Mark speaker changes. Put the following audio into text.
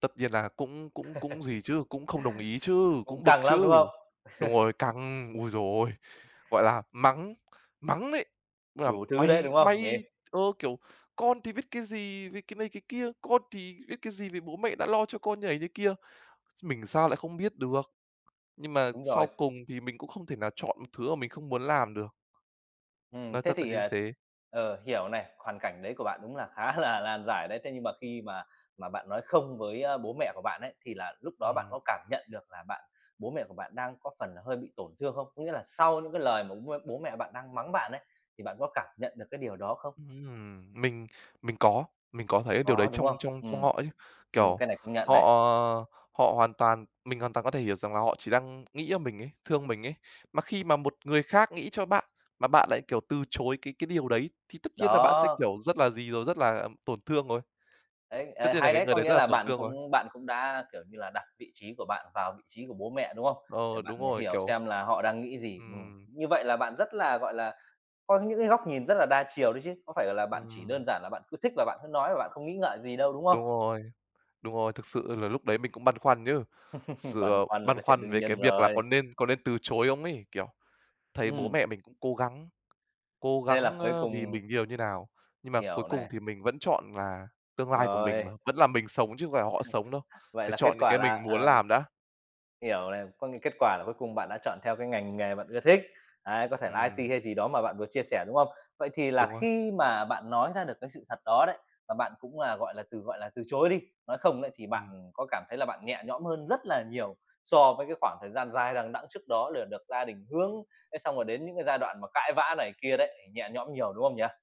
Speaker 1: Tất nhiên là cũng cũng cũng gì chứ, cũng không đồng ý chứ,
Speaker 2: Cũng
Speaker 1: cũng bực
Speaker 2: căng lắm,
Speaker 1: chứ.
Speaker 2: đúng không?
Speaker 1: Đúng rồi, căng! Ôi giời ơi! Gọi là mắng, mắng đấy, là
Speaker 2: Đủ thứ đấy,
Speaker 1: "mày
Speaker 2: đúng không, nhỉ?
Speaker 1: mày" ơ, kiểu: "Con thì biết cái gì về" cái này cái kia, "con thì biết cái gì về bố mẹ đã lo cho con" như này như kia. Mình sao lại không biết được, nhưng mà
Speaker 2: Đúng rồi.
Speaker 1: sau cùng thì mình cũng không thể nào chọn một thứ mà mình không muốn làm được.
Speaker 2: Ừm,
Speaker 1: Nói
Speaker 2: thế
Speaker 1: thật là
Speaker 2: thì,
Speaker 1: như
Speaker 2: ờ
Speaker 1: thế.
Speaker 2: ờ, hiểu này, hoàn cảnh đấy của bạn đúng là khá là lan giải đấy. Thế nhưng mà khi mà mà bạn nói không với, ơ, bố mẹ của bạn ấy, thì là lúc đó bạn
Speaker 1: Ừm.
Speaker 2: có cảm nhận được là bạn bố mẹ của bạn đang có phần hơi bị tổn thương không? Có nghĩa là sau những cái lời mà bố m bố mẹ bạn đang mắng bạn ấy, thì bạn có cảm nhận được cái điều đó không?
Speaker 1: Ừm, mình mình có, mình có thấy điều đấy
Speaker 2: Có, đúng
Speaker 1: trong
Speaker 2: không?
Speaker 1: trong trong
Speaker 2: Ừm.
Speaker 1: họ chứ,
Speaker 2: Ừm,
Speaker 1: kiểu,
Speaker 2: cái này công nhận
Speaker 1: họ
Speaker 2: này.
Speaker 1: họ hoàn toàn mình hoàn toàn có thể hiểu rằng là họ chỉ đang nghĩ cho mình ấy, thương mình ấy. Mà khi mà một người khác nghĩ cho bạn mà bạn lại, kiểu, từ chối cái cái điều đấy thì tất nhiên là bạn sẽ
Speaker 2: Đó.
Speaker 1: kiểu rất là gì rồi, rất là tổn thương rồi.
Speaker 2: Đấy,
Speaker 1: Tất
Speaker 2: ờ,
Speaker 1: nhiên là
Speaker 2: hay
Speaker 1: cái
Speaker 2: đấy!
Speaker 1: người
Speaker 2: Có
Speaker 1: đấy
Speaker 2: nghĩa
Speaker 1: rất là
Speaker 2: là
Speaker 1: tổn
Speaker 2: bạn
Speaker 1: thương rồi.
Speaker 2: cũng bạn cũng đã, kiểu như là, đặt vị trí của bạn vào vị trí của bố mẹ, đúng không? Để
Speaker 1: Ờ,
Speaker 2: bạn
Speaker 1: đúng rồi,
Speaker 2: hiểu
Speaker 1: kiểu
Speaker 2: xem là họ đang nghĩ gì. Ừm,
Speaker 1: Ừm.
Speaker 2: như vậy là bạn rất là, gọi là, có những cái góc nhìn rất là đa chiều đấy chứ. Có phải, gọi là, bạn chỉ
Speaker 1: Ừm.
Speaker 2: đơn giản là bạn cứ thích là bạn cứ nói và bạn không nghĩ ngợi gì đâu, đúng không?
Speaker 1: Đúng rồi, đúng rồi, thực sự là lúc đấy mình cũng băn khoăn chứ, sự
Speaker 2: Băn
Speaker 1: ờ,
Speaker 2: khoăn là
Speaker 1: băn
Speaker 2: cái chuyện
Speaker 1: khoăn
Speaker 2: đương
Speaker 1: về cái
Speaker 2: nhiên
Speaker 1: việc là có
Speaker 2: rồi.
Speaker 1: nên có nên từ chối không ấy, kiểu, thấy bố
Speaker 2: Ừm.
Speaker 1: mẹ mình cũng cố gắng cố
Speaker 2: Thế là
Speaker 1: gắng,
Speaker 2: cuối
Speaker 1: ơ, vì
Speaker 2: cùng
Speaker 1: mình nhiều như nào, nhưng mà cuối
Speaker 2: Hiểu
Speaker 1: cùng
Speaker 2: này.
Speaker 1: thì mình vẫn chọn là tương lai của mình mà,
Speaker 2: Rồi.
Speaker 1: vẫn là mình sống chứ không phải là họ sống đâu,
Speaker 2: Vậy
Speaker 1: phải
Speaker 2: là kết
Speaker 1: chọn những
Speaker 2: quả
Speaker 1: cái
Speaker 2: là
Speaker 1: mình muốn
Speaker 2: ờ.
Speaker 1: làm đã.
Speaker 2: Hiểu này, có nghĩa kết quả là cuối cùng bạn đã chọn theo cái ngành nghề bạn ưa thích. Đấy, có thể là
Speaker 1: Ừm.
Speaker 2: IT hay gì đó mà bạn vừa chia sẻ, đúng không? Vậy thì là
Speaker 1: Đúng rồi.
Speaker 2: khi mà bạn nói ra được cái sự thật đó đấy, và bạn cũng là, gọi là, từ, gọi là, từ chối đi, nói không đấy, thì
Speaker 1: Ừm.
Speaker 2: bạn có cảm thấy là bạn nhẹ nhõm hơn rất là nhiều so với cái khoảng thời gian dài đằng đẵng trước đó lừa được gia đình hướng, thế xong rồi đến những cái giai đoạn mà cãi vã này kia đấy, thì nhẹ nhõm nhiều, đúng không nhỉ?